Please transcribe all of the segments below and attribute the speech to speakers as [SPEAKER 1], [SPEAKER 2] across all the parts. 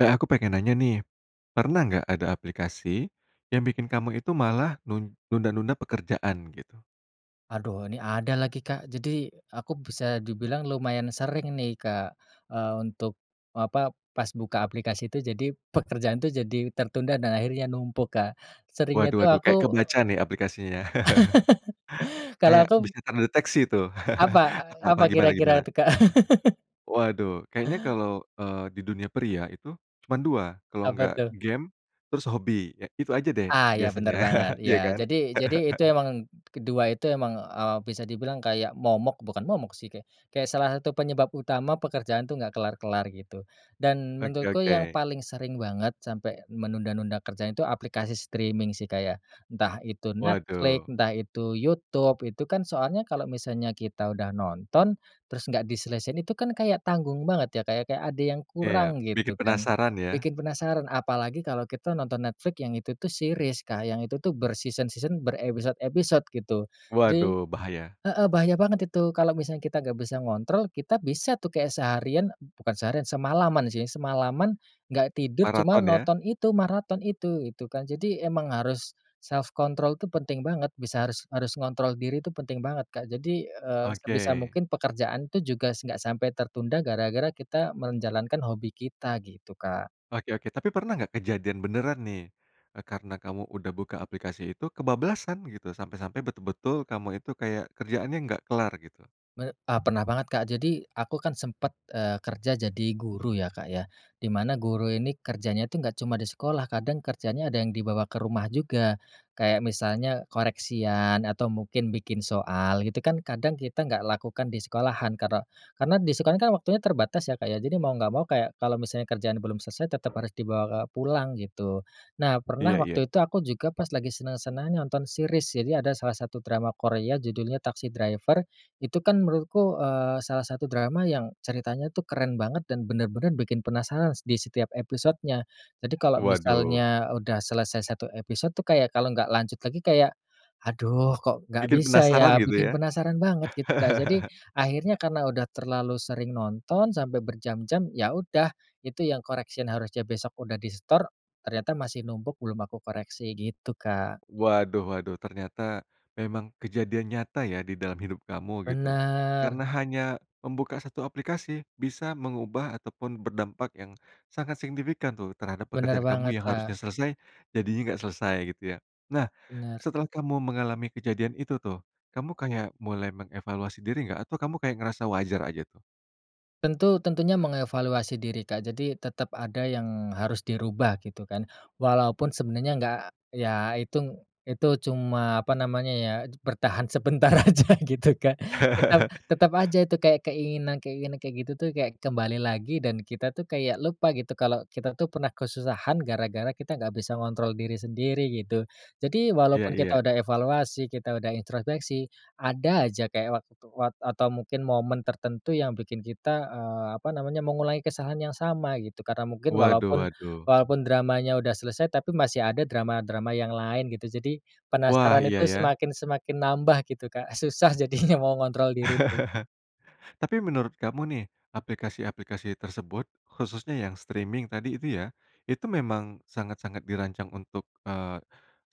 [SPEAKER 1] Eh aku pengen nanya nih, pernah nggak ada aplikasi yang bikin kamu itu malah nun nunda-nunda pekerjaan gitu?
[SPEAKER 2] Aduh ini ada lagi Kak, jadi aku bisa dibilang lumayan sering nih Kak, eee, untuk apa, pas buka aplikasi tuh jadi pekerjaan tuh jadi tertunda dan akhirnya numpuk Kak. Seringnya
[SPEAKER 1] Waduh
[SPEAKER 2] tuh
[SPEAKER 1] waduh
[SPEAKER 2] aku
[SPEAKER 1] kayak kebaca nih ya aplikasinya.
[SPEAKER 2] Kalau
[SPEAKER 1] Kayak
[SPEAKER 2] aku
[SPEAKER 1] bisa terdeteksi tuh.
[SPEAKER 2] Apa,
[SPEAKER 1] A apa
[SPEAKER 2] apa
[SPEAKER 1] gimana
[SPEAKER 2] kira-kira
[SPEAKER 1] gimana?
[SPEAKER 2] tuh Kak?
[SPEAKER 1] Waduh kayaknya kalau, eee, di dunia pria itu cuman 2, kalau
[SPEAKER 2] Apa
[SPEAKER 1] enggak
[SPEAKER 2] tuh?
[SPEAKER 1] game terus hobi, eee, itu aja deh
[SPEAKER 2] Ah iya
[SPEAKER 1] biasanya.
[SPEAKER 2] benar banget,
[SPEAKER 1] Iya
[SPEAKER 2] iya.
[SPEAKER 1] kan.
[SPEAKER 2] Jadi jadi itu emang, kedua itu emang, eee, bisa dibilang kayak momok bukan momok sih kayak kayak salah satu penyebab utama pekerjaan tuh nggak kelar-kelar gitu. Dan
[SPEAKER 1] Oke
[SPEAKER 2] menurutku yang
[SPEAKER 1] oke.
[SPEAKER 2] paling sering banget sampai menunda-nunda kerjaan tuh aplikasi streaming sih kayak entah itu Netflix,
[SPEAKER 1] Waduh.
[SPEAKER 2] entah itu YouTube, itu kan soalnya kalau misalnya kita udah nonton, terus nggak diselesain itu kan kayak tanggung banget ya kayak kayak ada yang
[SPEAKER 1] Iya.
[SPEAKER 2] kurang
[SPEAKER 1] Bikin
[SPEAKER 2] gitu kan.
[SPEAKER 1] penasaran ya?
[SPEAKER 2] Bikin penasaran apalagi kalau kita nonton Netflix yang itu tuh series Kak, yang itu tuh ber-season-season, berepisode-episode gitu. Jadi
[SPEAKER 1] Waduh bahaya.
[SPEAKER 2] heeh bahaya banget itu kalau misalnya kita nggak bisa ngontrol, kita bisa tuh kayak seharian bukan seharian, semalaman sih, semalaman nggak tidur cuma
[SPEAKER 1] Maraton ya.
[SPEAKER 2] nonton itu, maraton itu, itu kan. Jadi emang harus self control tuh penting banget, bisa harus harus ngontrol diri itu penting banget, Kak. Jadi, eee, sebisa
[SPEAKER 1] Oke.
[SPEAKER 2] mungkin pekerjaan itu juga nggak sampai tertunda gara-gara kita menjalankan hobi kita, gitu Kak.
[SPEAKER 1] Oke oke, tapi pernah nggak kejadian beneran nih, eee, karena kamu udah buka aplikasi itu, kebablasan gitu, sampai-sampai, betul-betul kamu itu kayak kerjaannya nggak kelar gitu?
[SPEAKER 2] Me eee, pernah banget Kak, jadi aku kan sempat, eee, kerja jadi guru ya Kak ya, di mana guru ini kerjanya itu nggak cuma di sekolah kadang kerjanya ada yang dibawa ke rumah juga, kayak misalnya koreksian atau mungkin bikin soal gitu kan kadang kita nggak lakukan di sekolahan karena karena di sekolah kan waktunya terbatas ya Kak ya, jadi mau nggak mau kayak kalau misalnya kerjaan belum selesai tetap harus dibawa pulang gitu. Nah pernah
[SPEAKER 1] Iya iya.
[SPEAKER 2] waktu itu aku juga pas lagi senang-senangnya nonton series, jadi ada salah satu drama Korea judulnya Taxi Driver, itu kan menurutku, eee, salah satu drama yang ceritanya tuh keren banget dan benar-benar bikin penasaran s di setiap episodenya. Jadi kalau
[SPEAKER 1] Waduh.
[SPEAKER 2] misalnya udah selesai 1 episode tuh kayak kalau nggak lanjut lagi kayak, "Aduh, kok nggak
[SPEAKER 1] Bikin
[SPEAKER 2] bisa
[SPEAKER 1] penasaran
[SPEAKER 2] ya."
[SPEAKER 1] gitu
[SPEAKER 2] bikin
[SPEAKER 1] ya.
[SPEAKER 2] penasaran banget gitu Kak. Jadi, akhirnya karena udah terlalu sering nonton sampai berjam-jam, ya udah, itu yang correction harusnya besok udah disetor, ternyata masih numpuk belum aku koreksi gitu Kak.
[SPEAKER 1] Waduh waduh ternyata memang kejadian nyata ya didalam hidup kamu gitu,
[SPEAKER 2] Benar.
[SPEAKER 1] karena hanya membuka 1 aplikasi bisa mengubah atau pun berdampak yang sangat signifikan tuh terhadap
[SPEAKER 2] Benar
[SPEAKER 1] pekerjaan kamu
[SPEAKER 2] banget
[SPEAKER 1] yang harusnya
[SPEAKER 2] Kak.
[SPEAKER 1] selesai, jadinya enggak selesai gitu ya. Nah,
[SPEAKER 2] Benar.
[SPEAKER 1] setelah kamu mengalami kejadian itu tuh, kamu kayak mulai mengevaluasi diri nggak? Atau kamu kayak ngerasa wajar aja tuh?
[SPEAKER 2] Tentu tentunya mengevaluasi diri Kak. Jadi tetap ada yang harus dirubah gitu kan, walaupun sebenarnya nggak ya itung itu cuma apa namanya ya, bertahan sebentar aja gitu kan. Tetap tetap aja itu kayak keinginan-keinginan kayak gitu tuh, kayak kembali lagi dan kita tuh kayak lupa gitu kalau kita tuh pernah kesusahan gara-gara kita nggak bisa ngontrol diri sendiri, gitu. Jadi
[SPEAKER 1] Iya
[SPEAKER 2] walaupun kita
[SPEAKER 1] iya.
[SPEAKER 2] udah evaluasi kita udah introspeksi, ada aja kayak waktu wat atau mungkin momen tertentu yang bikin kita, eee, apa namanya, mengulangi kesalahan yang sama gitu, karena mungkin
[SPEAKER 1] Waduh
[SPEAKER 2] walaupun
[SPEAKER 1] waduh.
[SPEAKER 2] walaupun dramanya udah selesai, tapi masih ada drama-drama yang lain gitu. Jadi,
[SPEAKER 1] Wah
[SPEAKER 2] penasaran itu
[SPEAKER 1] iya ya.
[SPEAKER 2] semakin-semakin nambah gitu Kak, susah jadinya mengontrol diri tuh.
[SPEAKER 1] Tapi menurut kamu nih, aplikasi-aplikasi tersebut khususnya yang streaming tadi itu ya, itu memang sangat-sangat dirancang untuk, eee,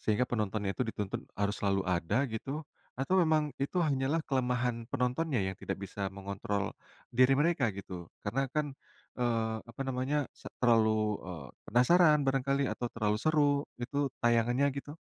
[SPEAKER 1] sehingga penontonnya itu dituntut harus selalu ada gitu? Atau memang itu hanyalah kelemahan penontonnya yang tidak bisa mengontrol diri mereka gitu? Karena kan, eee, apa namanya se terlalu, eee, penasaran barangkali atau terlalu seru itu tayangannya gitu?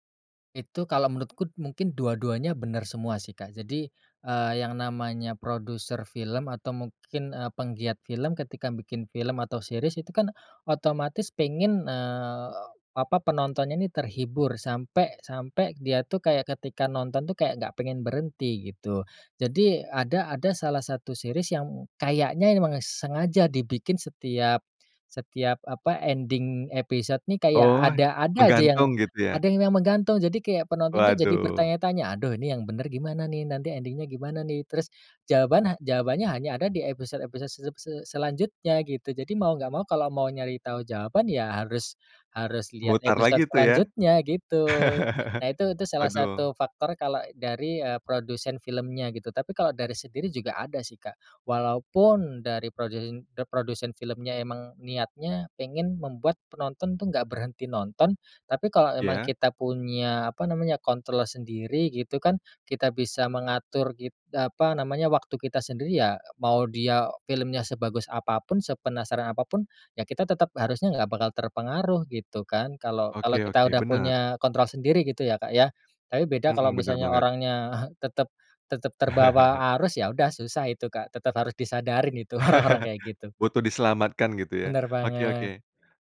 [SPEAKER 2] Itu kalau menurutku mungkin dua-duanya benar semua sih Kak, Jadi, eee, yang namanya produser film atau mungkin, eee, penggiat film ketika bikin film atau series itu kan, otomatis pengen, eee, apa, penontonnya nih terhibur sampai sampai dia tuh kayak ketika nonton tuh kayak nggak pengen berhenti gitu. Jadi ada ada salah satu series yang kayaknya memang sengaja dibikin setiap setiap apa ending episode nih kayak
[SPEAKER 1] Oh,
[SPEAKER 2] ada ada aja yang
[SPEAKER 1] menggantung gitu ya?
[SPEAKER 2] ada yang memang gantung, jadi kayak penonton tuh jadi
[SPEAKER 1] Waduh.
[SPEAKER 2] bertanya-tanya, "Aduh ini yang benar gimana nih, nanti ending-nya gimana nih?" Terus jawaban ha jawabannya hanya ada di episode-episode se se selanjutnya gitu, jadi mau nggak mau, kalau mau nyari tahu jawaban ya harus harus lihat
[SPEAKER 1] Mutar
[SPEAKER 2] episode
[SPEAKER 1] lagi tuh ya.
[SPEAKER 2] selanjutnya gitu. Nah itu itu salah
[SPEAKER 1] Waduh.
[SPEAKER 2] satu faktor kalau dari, eee, produsen filmnya gitu, tapi kalau dari sendiri juga ada sih Kak. Walaupun dari prodeen eee, produsen filmnya emang niatnya pengen membuat penonton tuh nggak berhenti nonton, tapi kalau emang
[SPEAKER 1] Iya.
[SPEAKER 2] kita punya apa namanya, kontrol sendiri gitu kan, kita bisa mengatur it apa namanya, waktu kita sendiri ya, mau dia filmnya sebagus apa pun, sepenasaran apa pun, ya kita tetap harusnya nggak bakal terpengaruh gitu kan kalau kalau
[SPEAKER 1] Oke
[SPEAKER 2] kita
[SPEAKER 1] oke
[SPEAKER 2] udah
[SPEAKER 1] benar.
[SPEAKER 2] punya kontrol sendiri gitu ya, Kak ya. Tapi beda kalau
[SPEAKER 1] Mhm benar
[SPEAKER 2] misalnya
[SPEAKER 1] banget.
[SPEAKER 2] orangnya tetap tetap terbawa arus ya udah susah itu Kak. Tetap harus disadarin itu orang-orang kayak gitu.
[SPEAKER 1] Butuh diselamatkan gitu ya,
[SPEAKER 2] Benar
[SPEAKER 1] oke
[SPEAKER 2] banget.
[SPEAKER 1] oke.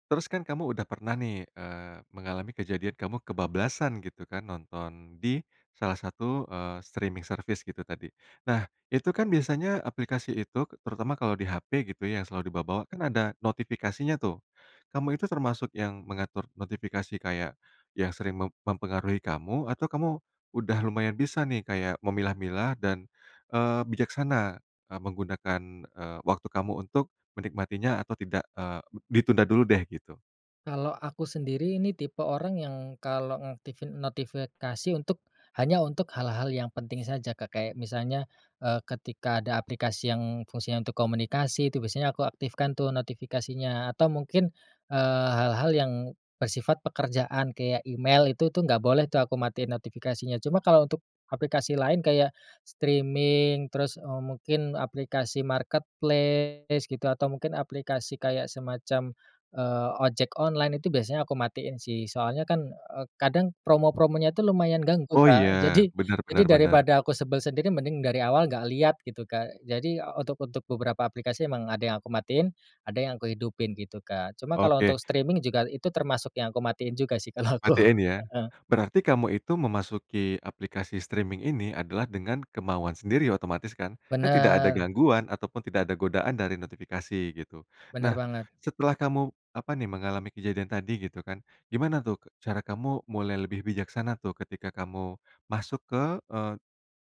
[SPEAKER 1] Terus kan kamu udah pernah nih, eee, mengalami kejadian kamu kebablasan gitu kan nonton di salah satu, eee, streaming service gitu tadi. Nah, itu kan biasanya aplikasi itu, terutama kalau di HP gitu yang selalu diba bawa, kan ada notifikasinya tuh. Kamu itu termasuk yang mengatur notifikasi kayak yang sering mem mempengaruhi kamu? Atau kamu udah lumayan bisa nih kayak memilah-milah dan, eee, bijaksana, eee, menggunakan, eee, waktu kamu untuk menikmatinya? Atau tidak, eee, ditunda dulu deh gitu.
[SPEAKER 2] Kalau aku sendiri ini tipe orang yang, kalau ngaktifin notifikasi untuk, hanya untuk hal-hal yang penting saja Kak, kayak misalnya, eee, ketika ada aplikasi yang fungsinya untuk komunikasi itu biasanya aku aktifkan tuh notifikasinya, atau mungkin, eee, hal-hal yang, bersifat pekerjaan kayak email itu tuh nggak boleh tuh aku matiin notifikasinya, cuma kalau untuk, aplikasi lain kayak, streaming terus, eee, mungkin aplikasi marketplace gitu, atau mungkin aplikasi kayak semacam, eee, ojek online itu biasanya aku matiin sih, soalnya kan, eee, kadang promo-promonya itu lumayan ganggu
[SPEAKER 1] Oh iya,
[SPEAKER 2] Kak. Jadi
[SPEAKER 1] benar benar
[SPEAKER 2] jadi
[SPEAKER 1] benar.
[SPEAKER 2] daripada aku sebel sendiri mending dari awal nggak lihat gitu Kak. Jadi, untuk untuk beberapa aplikasi emang ada yang aku matiin, ada yang aku hidupin gitu Kak. Cuma kalau untuk
[SPEAKER 1] Oke.
[SPEAKER 2] streaming juga itu termasuk yang aku matiin juga sih kalau aku.
[SPEAKER 1] Matiin ya,
[SPEAKER 2] Heeh.
[SPEAKER 1] berarti kamu itu memasuki aplikasi streaming ini adalah dengan kemauan sendiri otomatis kan, kan tidak ada
[SPEAKER 2] Benar.
[SPEAKER 1] gangguan ataupun tidak ada godaan dari notifikasi, gitu.
[SPEAKER 2] Benar
[SPEAKER 1] Nah,
[SPEAKER 2] banget.
[SPEAKER 1] setelah kamu, apa nih, mengalami kejadian tadi gitu kan, gimana tuh, cara kamu mulai lebih bijaksana tuh, ketika kamu, masuk ke, eee,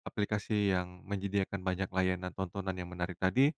[SPEAKER 1] aplikasi yang menyediakan banyak layanan tontonan yang menarik tadi,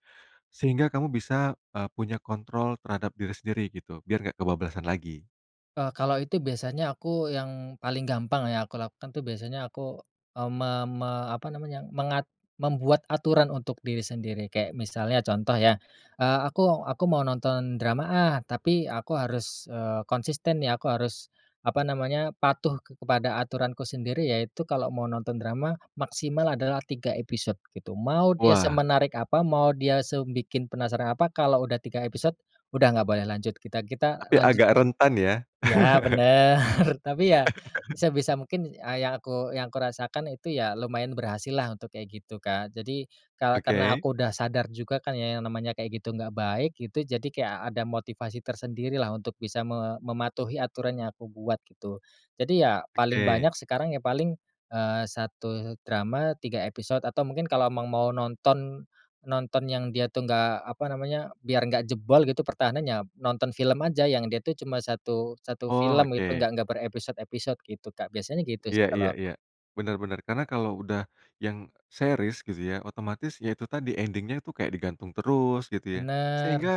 [SPEAKER 1] sehingga kamu bisa, eee, punya kontrol terhadap diri sendiri gitu, biar nggak kebablasan lagi?
[SPEAKER 2] E kalau itu biasanya aku, yang paling gampang ya aku lakukan tuh biasanya aku, mmm, me me apa namanya, mengat membuat aturan untuk diri sendiri. Kayak misalnya contoh ya, eee, aku aku mau nonton drama ah, tapi, aku harus, eee, konsisten ya aku harus, apa namanya, patuh kepada aturanku sendiri yaitu kalau mau nonton drama, maksimal adalah 3 episode, gitu. Mau dia
[SPEAKER 1] Wah.
[SPEAKER 2] semenarik apa, mau dia se bikin penasaran apa, kalau udah 3 episode, udah nggak boleh lanjut. Kita kita
[SPEAKER 1] Tapi agak
[SPEAKER 2] lanjutin,
[SPEAKER 1] rentan ya?
[SPEAKER 2] ya benar, tapi ya, sebisa mungkin yang aku yang aku rasakan itu ya lumayan berhasil lah untuk kayak gitu Kak. Jadi ka karena
[SPEAKER 1] Oke.
[SPEAKER 2] aku udah sadar juga kan ya yang namanya kayak gitu nggak baik, gitu, jadi kayak ada motivasi tersendiri lah untuk bisa me mematuhi aturan yang aku buat, gitu. Jadi ya, paling
[SPEAKER 1] Oke.
[SPEAKER 2] banyak sekarang ya paling, eee, satu drama 3 episode atau mungkin kalau emang mau nonton, nonton yang dia tuh nggak, apa namanya, biar nggak jebol gitu pertahanannya, nonton film aja, yang dia tuh cuma 1- 1
[SPEAKER 1] Oh
[SPEAKER 2] film itu,
[SPEAKER 1] oke.
[SPEAKER 2] enggak enggak berepisode-episode gitu Kak, biasanya gitu
[SPEAKER 1] Iya
[SPEAKER 2] sih
[SPEAKER 1] iya
[SPEAKER 2] kalau
[SPEAKER 1] iya,
[SPEAKER 2] aku.
[SPEAKER 1] benar benar karena kalau udah, yang, series gitu ya, otomatis ya itu tadi ending-nya itu kayak digantung terus, gitu ya.
[SPEAKER 2] Benar.
[SPEAKER 1] Sehingga,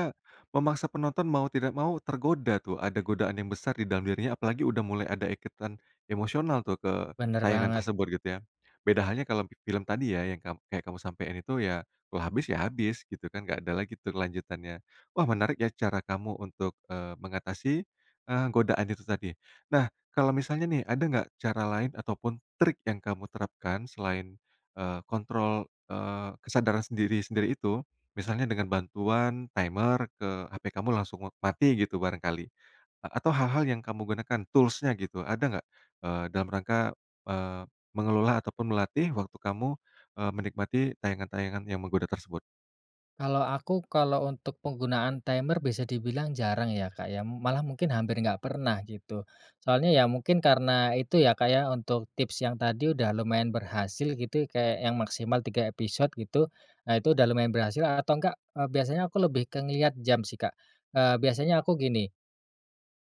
[SPEAKER 1] memaksa penonton mau tidak mau tergoda tuh, ada godaan yang besar di dalam dirinya apalagi udah mulai ada ikatan, emosional tuh, ke,
[SPEAKER 2] Benar
[SPEAKER 1] tayangan
[SPEAKER 2] banget.
[SPEAKER 1] tersebut gitu ya. Beda halnya kalau, film tadi ya yang kam kayak kamu sampein itu ya, kalau habis ya habis gitu kan, nggak ada lagi tuh kelanjutannya. Wah menarik ya cara kamu untuk, eee, mengatasi, eee, godaan itu tadi. Nah, kalau misalnya nih ada nggak, cara lain ataupun trik yang kamu terapkan, selain, eee, kontrol, eee, kesadaran sendiri-sendiri itu? Misalnya dengan bantuan timer ke HP kamu langsung mati gitu barangkali, atau hal-hal yang kamu gunakan, tools-nya gitu, ada nggak, eee, dalam rangka, eee, mengelola ataupun melatih waktu kamu, eee, menikmati tayangan-tayangan yang menggoda tersebut?
[SPEAKER 2] Kalau aku, kalau untuk penggunaan timer bisa di bilang jarang ya Kak ya, malah mungkin hampir nggak pernah gitu. Soalnya ya mungkin karena itu ya, kayak untuk tips yang tadi udah lumayan berhasil gitu, kayak yang maksimal 3 episode gitu. Nah itu, udah lumayan berhasil atau enggak, eee, biasanya aku lebih ke ngelihat jam sih Kak. Eee, biasanya aku gini,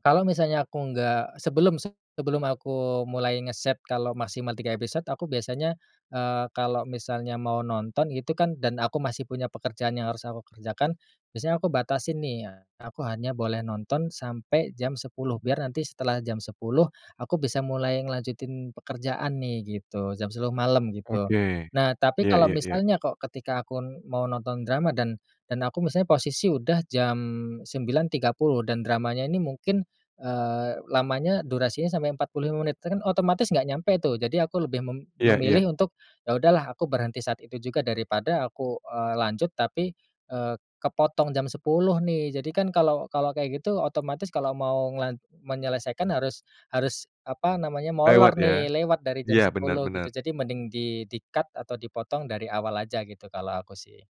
[SPEAKER 2] kalau misalnya aku nggak, sebelum sebelum aku mulai ngeset kalau maksimal 3 episode, aku biasanya, eee, kalau misalnya mau nonton gitu kan, dan aku masih punya pekerjaan yang harus aku kerjakan, biasanya aku batasi nih, aku hanya boleh nonton sampai jam 10.00 biar nanti setelah jam 10.00 aku bisa mulai ngelanjutin pekerjaan nih, gitu, jam 10.00 malam gitu.
[SPEAKER 1] Oke,
[SPEAKER 2] Nah tapi
[SPEAKER 1] iya
[SPEAKER 2] kalau
[SPEAKER 1] iya iya.
[SPEAKER 2] misalnya kok ketika aku mau nonton drama dan, dan aku misalnya posisi udah jam 09.30 dan dramanya ini mungkin, eee, lamanya durasinya sampai 45 menit kan otomatis nggak nyampe tuh, jadi aku lebih mem
[SPEAKER 1] Iya iya.
[SPEAKER 2] memilih untuk, ya udahlah aku berhenti saat itu juga, daripada aku, eee, lanjut tapi, eee, kepotong jam 10.00 nih, jadi kan kalau kalau kayak gitu otomatis kalau mau ngelan menyelesaikan harus, harus, apa namanya,
[SPEAKER 1] Lewat
[SPEAKER 2] molor
[SPEAKER 1] ya,
[SPEAKER 2] nih, lewat dari jam
[SPEAKER 1] iya benar
[SPEAKER 2] 10 gitu.
[SPEAKER 1] benar.
[SPEAKER 2] Jadi mending di di cut, atau dipotong dari awal aja gitu, kalau aku sih.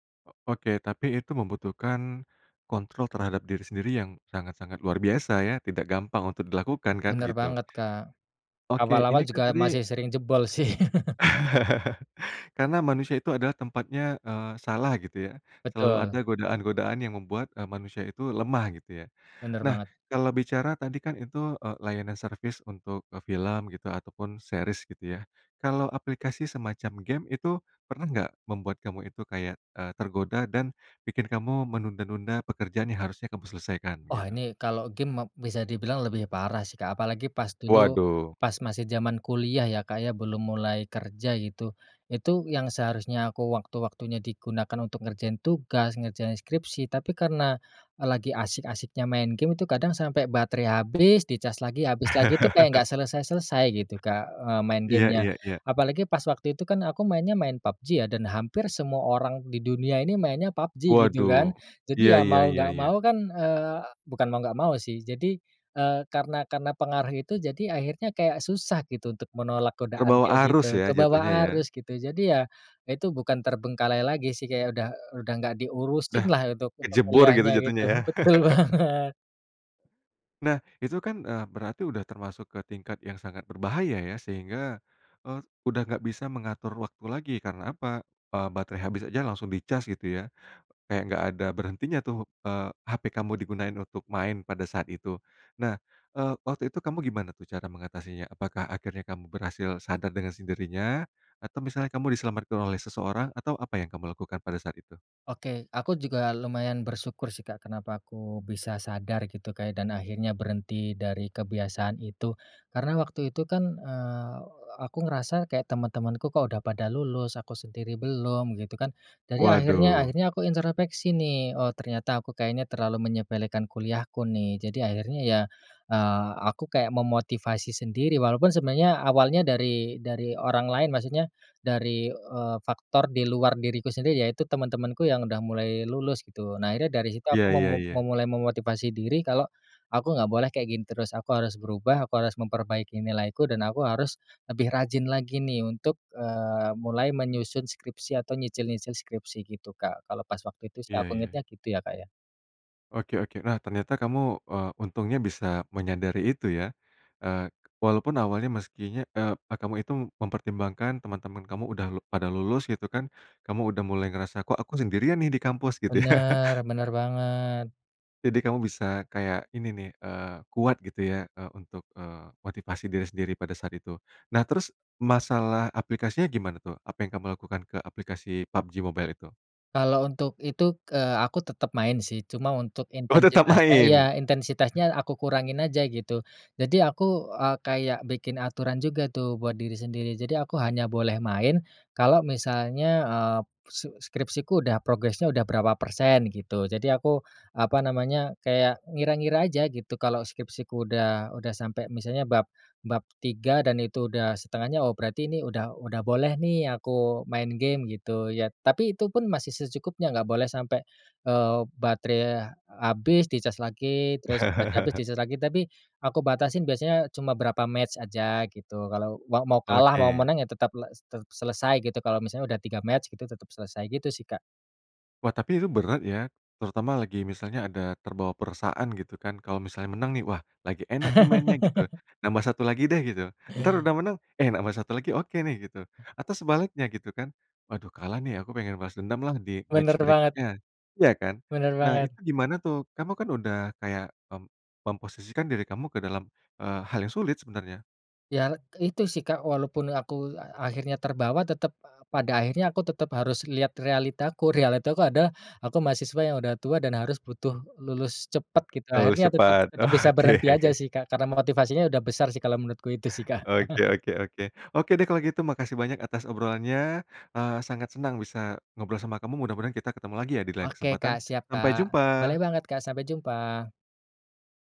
[SPEAKER 1] Oke tapi itu membutuhkan, kontrol terhadap diri sendiri yang sangat-sangat luar biasa ya, tidak gampang untuk di lakukan, kan
[SPEAKER 2] Benar
[SPEAKER 1] gitu.
[SPEAKER 2] banget Kak.
[SPEAKER 1] Oke,
[SPEAKER 2] Awal-awal
[SPEAKER 1] ini kan
[SPEAKER 2] juga
[SPEAKER 1] tadi
[SPEAKER 2] masih sering jebol sih.
[SPEAKER 1] karena manusia itu adalah tempatnya, eee, salah gitu ya, selalu ada
[SPEAKER 2] Betul.
[SPEAKER 1] godaan-godaan yang membuat, eee, manusia itu lemah, gitu ya.
[SPEAKER 2] Benar
[SPEAKER 1] Nah,
[SPEAKER 2] banget.
[SPEAKER 1] kalau bicara tadi kan itu, eee, layanan service untuk film gitu, ataupun series gitu ya. Kalau aplikasi semacam game itu, pernah nggak membuat kamu itu kayak, eee, tergoda dan, bikin kamu menunda-nunda pekerjaan yang harusnya kamu selesaikan
[SPEAKER 2] Oh
[SPEAKER 1] gitu?
[SPEAKER 2] ini kalau game ma bisa di bilang lebih parah sih Kak. Apalagi pas dulu,
[SPEAKER 1] Waduh.
[SPEAKER 2] pas masih zaman kuliah ya Kak ya, belum mulai kerja gitu. Itu, yang seharusnya aku waktu-waktunya di gunakan untuk ngerjain tugas, ngerjain skripsi tapi karena, lagi asyik-asyiknya main game itu kadang sampai baterai habis, dicas lagi habis lagi, itu kayak enggak selesai-selesai gitu Kak, eee, main
[SPEAKER 1] Iya
[SPEAKER 2] game-nya.
[SPEAKER 1] iya iya.
[SPEAKER 2] Apalagi pas waktu itu kan aku mainnya main PUBG ya. Dan hampir semua orang di dunia ini mainnya PUBG, gitu kan.
[SPEAKER 1] Waduh,
[SPEAKER 2] Jadi
[SPEAKER 1] iya
[SPEAKER 2] ya,
[SPEAKER 1] iya
[SPEAKER 2] mau
[SPEAKER 1] iya
[SPEAKER 2] nggak
[SPEAKER 1] iya.
[SPEAKER 2] mau kan, eee, bukan mau nggak mau sih. Jadi, eee, karena karena pengaruh itu jadi akhirnya kayak susah gitu untuk menolak godaan
[SPEAKER 1] Terbawa
[SPEAKER 2] kayak gitu,
[SPEAKER 1] arus ya,
[SPEAKER 2] ke bawa
[SPEAKER 1] jatuhnya ya?
[SPEAKER 2] arus gitu. Jadi ya, itu bukan terbengkalai lagi sih, kayak udah udah nggak diurusin
[SPEAKER 1] Dah
[SPEAKER 2] lah, untuk untuk
[SPEAKER 1] kecebur gitu
[SPEAKER 2] kuliahnya
[SPEAKER 1] jatuhnya
[SPEAKER 2] gitu.
[SPEAKER 1] ya?
[SPEAKER 2] Betul banget.
[SPEAKER 1] Nah, itu kan, eee, berarti udah termasuk ke tingkat yang sangat berbahaya, ya. Sehingga, eee, udah nggak bisa mengatur waktu lagi. Karena apa? Eee, baterai habis aja langsung dicas, gitu, ya. Kayak enggak ada berhentinya, tuh. Eee, HP kamu digunain untuk main pada saat itu. Nah, eee, waktu itu kamu gimana, tu, cara mengatasinya? Apakah akhirnya kamu berhasil sadar dengan sendirinya? Atau, misalnya, kamu diselamatkan oleh seseorang? Atau apa yang kamu lakukan pada saat itu?
[SPEAKER 2] Oke, aku juga lumayan bersyukur sih, Kak. Kenapa aku bisa sadar gitu, Kak, ya, dan akhirnya berhenti dari kebiasaan itu? Karena waktu itu kan, eee, aku ngerasa kayak temen-temenku kok udah pada lulus, aku sendiri belum gitu kan. Jadi akhirnya
[SPEAKER 1] Waduh.
[SPEAKER 2] akhirnya aku introspeksi nih. Oh, ternyata aku kayaknya terlalu menyepelekan kuliahku nih. Jadi akhirnya ya, eee, aku kayak memotivasi sendiri, walaupun sebenarnya awalnya dari dari orang lain, maksudnya dari, eee, faktor di luar diriku sendiri, yaitu teman-temanku yang udah mulai lulus gitu. Nah, akhirnya dari situ
[SPEAKER 1] Ya
[SPEAKER 2] aku
[SPEAKER 1] ya ya.
[SPEAKER 2] memu-memulai memotivasi diri kalau aku nggak boleh kayak gini terus. Aku harus berubah, aku harus memperbaiki nilaiku, dan aku harus lebih rajin lagi nih untuk, eee, mulai menyusun skripsi atau nyicil-nyicil skripsi gitu, Kak. Kalau pas waktu itu sih
[SPEAKER 1] Iya,
[SPEAKER 2] aku
[SPEAKER 1] ya.
[SPEAKER 2] ingetnya gitu ya, Kak, ya.
[SPEAKER 1] Oke oke. Nah, ternyata kamu, eee, untungnya bisa menyadari itu, ya. Eee, walaupun awalnya meskinya, eee, kamu itu mempertimbangkan teman-teman kamu. Udah le-pada lulus, gitu, kan. Kamu udah mulai ngerasa, “Kok aku sendirian, nih, di kampus,” gitu, ya.
[SPEAKER 2] Bener, bener banget.
[SPEAKER 1] Jadi, kamu bisa kayak ini, nih. Eee, kuat, gitu, ya. Eee, untuk, eee, motivasi diri sendiri pada saat itu. Nah, terus, masalah aplikasinya gimana, tuh? Apa yang kamu lakukan ke aplikasi PUBG Mobile itu?
[SPEAKER 2] Kalau untuk itu, eee, aku tetap main sih, cuma untuk
[SPEAKER 1] Oh tetap
[SPEAKER 2] intensitasnya.
[SPEAKER 1] main.
[SPEAKER 2] Ya, intensitasnya aku kurangin aja gitu. Jadi aku, eee, kayak bikin aturan juga tuh buat diri sendiri. Jadi aku hanya boleh main kalau misalnya, eee, s skripsiku udah progresnya udah berapa persen gitu. Jadi aku, apa namanya, kayak ngira-ngira aja gitu kalau skripsiku udah, udah sampai misalnya bab bab 3 dan itu udah 1/2-nya, oh berarti ini udah, udah boleh nih aku main game gitu ya. Tapi itupun masih secukupnya, nggak boleh sampai, eee, baterai habis, dicas lagi, terus batre habis, dicas lagi. Tapi aku batasin biasanya cuma berapa match aja gitu. Kalau mau mau kalah, mau
[SPEAKER 1] Oke.
[SPEAKER 2] menang, ya tetap le se selesai gitu. Kalau misalnya udah 3 match gitu, tetap selesai gitu sih, Kak.
[SPEAKER 1] Wah, tapi itu berat, ya. Terutama lagi, misalnya, ada terbawa perasaan, gitu, kan. Kalau misalnya menang, nih, "Wah, lagi enak, nih, mainnya, gitu. Nambah 1 lagi, deh," gitu. Entar udah menang, "Eh, nambah 1 lagi, oke, nih," gitu. Atau sebaliknya, gitu, kan. "Waduh, kalah, nih. Aku pengen balas dendam, lah, di match
[SPEAKER 2] Bener banget.
[SPEAKER 1] berikutnya." iya, kan?
[SPEAKER 2] Bener
[SPEAKER 1] Nah,
[SPEAKER 2] banget.
[SPEAKER 1] itu gimana, tuh? Kamu kan udah kayak mem memposisikan diri kamu ke dalam, eee, hal yang sulit, sebenarnya.
[SPEAKER 2] Ya, itu sih, Kak. Walaupun aku a-akhirnya terbawa, tetap p pada akhirnya aku tetap harus lihat realitaku. Realitaku adalah aku mahasiswa yang udah tua dan harus butuh lulus cepat. Gitu,
[SPEAKER 1] Lulus
[SPEAKER 2] akhirnya tetap,
[SPEAKER 1] cepat.
[SPEAKER 2] tetap bisa
[SPEAKER 1] Oke.
[SPEAKER 2] berhenti aja sih, Kak, karena motivasinya udah besar sih kalau menurutku. Itu sih, Kak.
[SPEAKER 1] Oke oke oke. Oke, deh kalau gitu makasih banyak atas obrolannya, eee, sangat senang bisa ngobrol sama kamu, mudah-mudahan kita ketemu lagi ya, di lain
[SPEAKER 2] Oke, Kak.
[SPEAKER 1] kesempatan,
[SPEAKER 2] Siap,
[SPEAKER 1] sampai
[SPEAKER 2] Kak. Boleh
[SPEAKER 1] jumpa.
[SPEAKER 2] banget, Kak. Sampai jumpa.